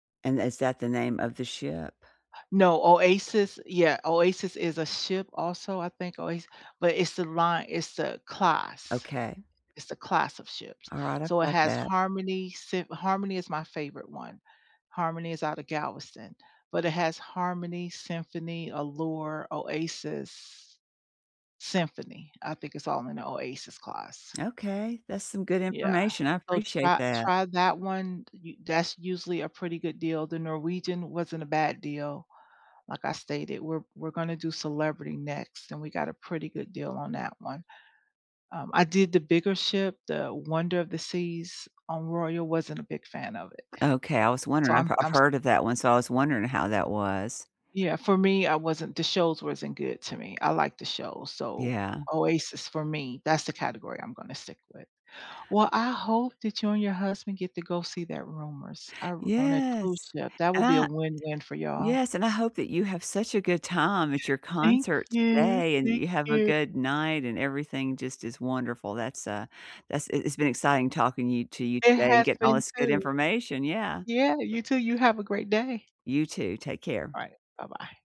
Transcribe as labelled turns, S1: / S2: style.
S1: And is that the name of the ship?
S2: No, Oasis yeah, Oasis is a ship, also, I think? Oas but, it's the line it's the class.
S1: Okay.
S2: It's the class of ships,
S1: Alright, I've
S2: so, it
S1: got
S2: has
S1: that.
S2: Harmony, Sym Harmony is my favorite one. Harmony is out of Galveston, but it has Harmony, Symphony, Allure, Oasis Symphony, I think it's all in the Oasis class.
S1: Okay, that's some good
S2: Yeah
S1: information, I
S2: oh,
S1: appreciate
S2: try
S1: that.
S2: try that one, u that's usually a pretty good deal, the Norwegian wasn't a bad deal. Like I stated, we're we're gonna do Celebrity next and we got a pretty good deal on that one. Um, I did the bigger ship, the Wonder of the Seas on Royal wasn't a big fan of it.
S1: Okay, I was
S2: So,
S1: wondering
S2: I'm
S1: if I've
S2: I'm s
S1: heard of that one, so I was wondering how that was.
S2: Yeah, for me, I wasn't the shows wasn't good to me, I like the show, so,
S1: Yeah.
S2: Oasis for me that's the category I'm gonna stick with. Well, I hope that you and your husband get to go see that Rumors, I r on a cruise
S1: Yes,
S2: ship, that will
S1: and
S2: be a
S1: I
S2: win-win for y'all.
S1: Yes, and I hope that you have such a good time at your
S2: Thank
S1: concert
S2: you,
S1: today, and
S2: thank
S1: you have a
S2: you.
S1: good night, and everything just is wonderful, that's, uh, that's it it's been exciting talking you to you
S2: It
S1: today and
S2: has
S1: getting all
S2: been,
S1: this good
S2: too.
S1: information yeah.
S2: Yeah, you too, you have a great day.
S1: You too, take care.
S2: Alright, bye-bye.